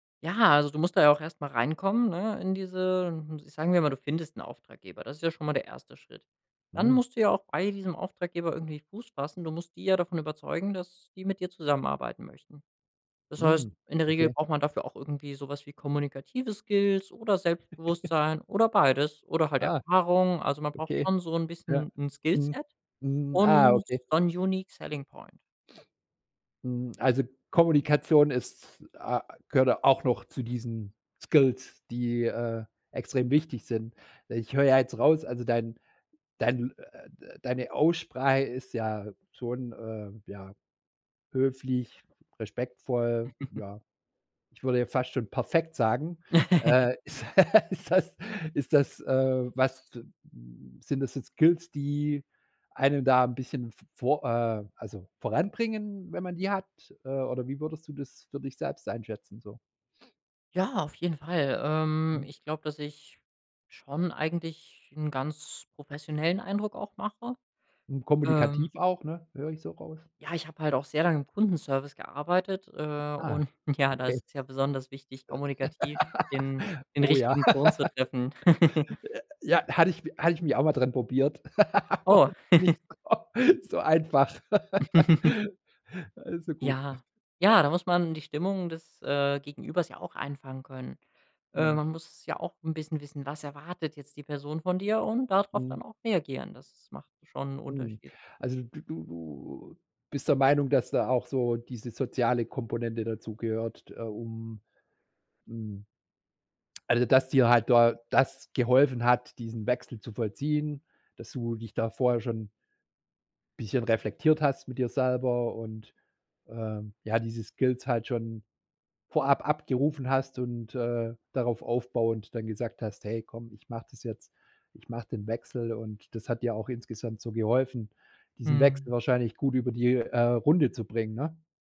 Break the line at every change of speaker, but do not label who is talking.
Ja, also du musst da ja auch erst mal reinkommen, ne, in diese hm, ich sagen wir mal, du findest 'n Auftraggeber. Das ist ja schon mal der 1. Schritt. Dann
Mhm.
musst du ja auch bei diesem Auftraggeber irgendwie Fuß fassen. Du musst die ja davon überzeugen, dass die mit dir zusammenarbeiten möchten. Das heißt,
Hm,
in der Regel
okay.
braucht man dafür auch irgendwie so was wie kommunikative Skills oder Selbstbewusstsein oder beides oder halt
Ah,
Erfahrung. Also man braucht
okay.
schon so 'n
Ja.
bisschen 'n
Mhm,
Skillset
hm, ah,
und
okay.
One unique selling Point.
Hm, also Kommunikation ist, a gehört auch noch zu diesen Skills, die, äh, extrem wichtig sind. Ich höre ja jetzt raus also dein dein, äh, d äh, deine Aussprache ist ja schon, äh ja, höflich, respektvoll, ja, ich würde ja fast schon perfekt sagen. Äh, ist ist das ist das, äh, was zim m sind das jetzt Skills, die einen da 'n bisschen v vor äh, also voranbringen, wenn man die hat? Äh, oder wie würdest du das für dich selbst einschätzen so?
Ja, auf jeden Fall. Ähm,
Mhm.
ich glaube, dass ich schon eigentlich 'n ganz professionellen Eindruck auch mache.
Hm,
Ähm
kommunikativ auch, ne? Höre ich so raus.
Ja, ich habe halt auch sehr lange im Kundenservice gearbeitet, äh,
Ah,
und ja, da
okay.
ist es ja besonders wichtig, kommunikativ den den
Oh ja.
richtigen Ton zu treffen.
J ja, hatte ich habe ich mich auch mal dran probiert, aber
Oh.
nicht so so einfach. Also gut.
Ja. Ja, da muss man die Stimmung des, äh, Gegenübers ja auch einfangen können. Äh,
Mhm.
man muss ja auch 'n bisschen wissen, was erwartet jetzt die Person von dir und da drauf
Mhm.
dann auch reagieren. Das macht schon 'n
Mhm.
Unterschied.
Also d du du bist der Meinung, dass da auch so diese soziale Komponente dazugehört t äh, um, hm Also dass dir halt da das geholfen hat, diesen Wechsel zu vollziehen, dass du dich da vorher schon bisschen reflektiert hast mit dir selber und, ähm, ja, diese Skills halt schon vorab abgerufen hast und, äh, darauf aufbauend dann gesagt hast: „Hey, komm, ich mache das jetzt. Ich mache den Wechsel.“ Und das hat dir auch insgesamt so geholfen, diesen Wechsel
Mhm.
wahrscheinlich gut über die, äh, Runde zu bringen, ne?